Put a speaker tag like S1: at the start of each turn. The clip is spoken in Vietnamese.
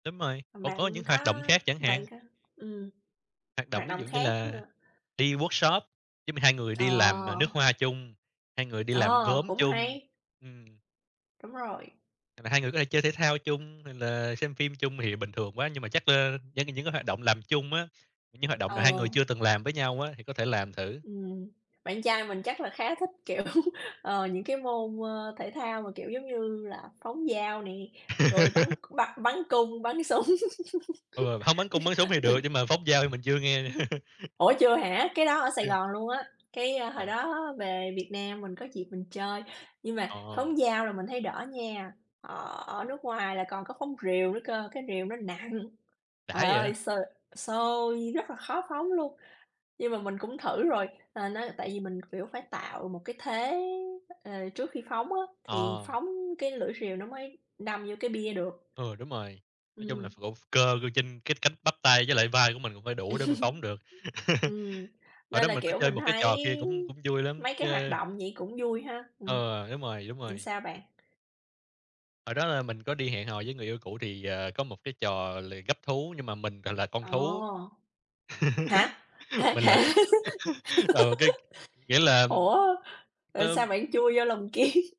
S1: Đúng rồi, còn có
S2: Bạn
S1: những hoạt
S2: có
S1: động khác chẳng
S2: bạn
S1: hạn.
S2: có ừm.
S1: Hoạt động
S2: Hoạt
S1: ví
S2: động
S1: dụ như
S2: khác
S1: là
S2: nữa.
S1: đi workshop, giống như, 2 người
S2: Ờ.
S1: đi làm nước hoa chung, 2 người đi làm
S2: Ờ,
S1: gốm
S2: cũng
S1: chung,
S2: hay.
S1: ừm.
S2: Đúng rồi.
S1: Và 2 người có thể chơi thể thao chung, rồi là xem phim chung thì bình thường quá, nhưng mà chắc, a, những những cái hoạt động làm chung á, những hoạt động nào 2
S2: Ờ.
S1: người chưa từng làm với nhau á thì có thể làm thử.
S2: Ừm, bạn trai mình chắc là khá thích, kiểu, ờ, những cái môn, ơ, thể thao mà, kiểu, giống như là phóng dao nè, rồi bắn c bắt bắn cung, bắn súng,
S1: Ừ, hông, bắn cung, bắn súng thì được,
S2: rồi
S1: nhưng mà phóng dao thì mình chưa nghe.
S2: Ủa, chưa hả? Cái đó ở Sài
S1: Chưa.
S2: Gòn luôn á, cái hồi
S1: Ôi.
S2: đó về Việt Nam mình có dịp mình chơi. Nhưng mà
S1: Ờ.
S2: phóng dao là mình thấy đỡ nha, ờ, ở nước ngoài là còn có phóng rìu nữa cơ, cái rìu nó nặng,
S1: Đã
S2: ời
S1: vậy?
S2: ơi, sơ xôi rất là khó phóng luôn. Nhưng mà mình cũng thử rồi, à, nó tại vì mình, kiểu, phải tạo một cái thế, ờ, trước khi phóng á, thì
S1: Ờ.
S2: phóng cái lưỡi rìu nó mới đâm vô cái bia được.
S1: Ừ, đúng rồi. Nói chung là
S2: Ừm.
S1: vỗ cơ cư trên cái cách bắp tay với lại vai của mình cũng phải đủ để mà phóng được.
S2: Ừm,
S1: Hồi
S2: nên
S1: đó
S2: là,
S1: mình có
S2: kiểu,
S1: chơi
S2: mình
S1: một cái
S2: thấy
S1: trò kia cũng cũng vui lắm,
S2: mấy
S1: ch
S2: cái hoạt động vậy cũng vui ha? Ừm,
S1: Ừ, đúng rồi, đúng
S2: ừm,
S1: rồi.
S2: sao bạn?
S1: Hồi đó là mình có đi hẹn hò với người yêu cũ, thì, ờ, có một cái trò là gắp thú, nhưng mà mình gọi là con thú.
S2: Ồ! Hả? Thật
S1: Mình lại còn
S2: hả?
S1: còn một cái nghĩa là
S2: Ủa, rồi sao
S1: tôm
S2: bạn chui vô lồng kiếng?